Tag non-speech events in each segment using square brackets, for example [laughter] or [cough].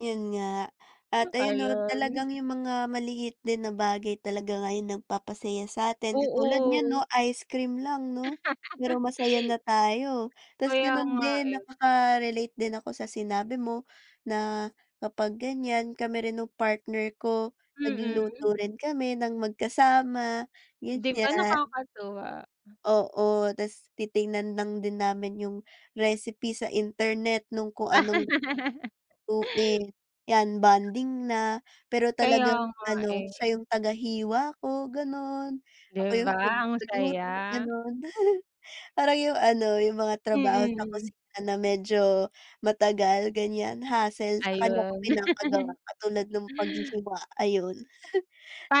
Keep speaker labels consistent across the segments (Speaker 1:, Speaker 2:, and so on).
Speaker 1: Yun nga. At ayun no
Speaker 2: Ayun.
Speaker 1: talagang yung mga maliit din na bagay talaga nga yung nagpapasaya sa'tin. Katulad niyan no
Speaker 2: Oo.
Speaker 1: ice cream lang no? Pero masaya
Speaker 2: [laughs]
Speaker 1: na tayo. Tas
Speaker 2: Kaya
Speaker 1: ganun
Speaker 2: nga
Speaker 1: din
Speaker 2: eh.
Speaker 1: nakaka-relate din ako sa sinabi mo na kapag ganyan, kami rin nung partner ko
Speaker 2: Mm.
Speaker 1: nagluluto rin kami ng magkasama
Speaker 2: Di ba
Speaker 1: ganyan.
Speaker 2: nakakatuwa?
Speaker 1: Oo, tas titingnan lang din namin yung recipe sa internet nung kung anong
Speaker 2: [laughs]
Speaker 1: lutuin, yan bonding na. Pero
Speaker 2: Kaya
Speaker 1: talagang
Speaker 2: nga
Speaker 1: ano
Speaker 2: eh.
Speaker 1: siya yung tagahiwa ko ganon,
Speaker 2: Di
Speaker 1: ako yung
Speaker 2: ba ang saya?
Speaker 1: nagluluto ganun. [chuckles] Parang yung ano yung mga trabaho sa
Speaker 2: Mm.
Speaker 1: kusina na medyo matagal ganyan, hassle, sakanya ko
Speaker 2: Ayun.
Speaker 1: pinapagawa.
Speaker 2: [chuckles]
Speaker 1: Katulad nung paghihiwa, ayun. [chuckles]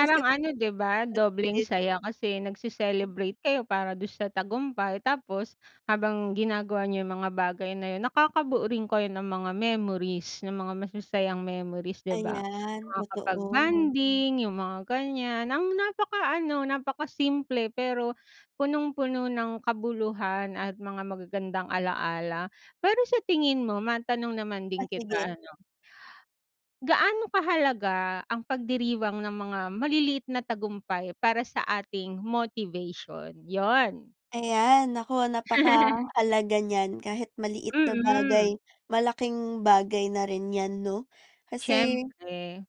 Speaker 1: Tas ganun
Speaker 2: ano di ba? Dobleng
Speaker 1: bonding.
Speaker 2: saya. Kasi nagce-celebrate kayo para dun sa tagumpay, tapos habang ginagawa niyo yung mga bagay na yun nakakabuo rin kayo ng mga memories ng mga masasayang memories di ba?
Speaker 1: Ayan,
Speaker 2: Makakapag
Speaker 1: totoo.
Speaker 2: bonding, yung mga ganyan. Ang napakaano, napaka simple pero punong-puno ng kabuluhan at mga magagandang ala-ala, pero sa tingin mo matanong naman
Speaker 1: Ah,
Speaker 2: din
Speaker 1: sige.
Speaker 2: kita ano. Gaano kahalaga ang pagdiriwang ng mga maliliit na tagumpay para sa ating motivation? Yun!
Speaker 1: Ayan naku,
Speaker 2: [laughs]
Speaker 1: napakahalaga nyan kahit maliit na
Speaker 2: Mm.
Speaker 1: bagay. Malaking bagay na rin yan no kasi.
Speaker 2: Siyempre.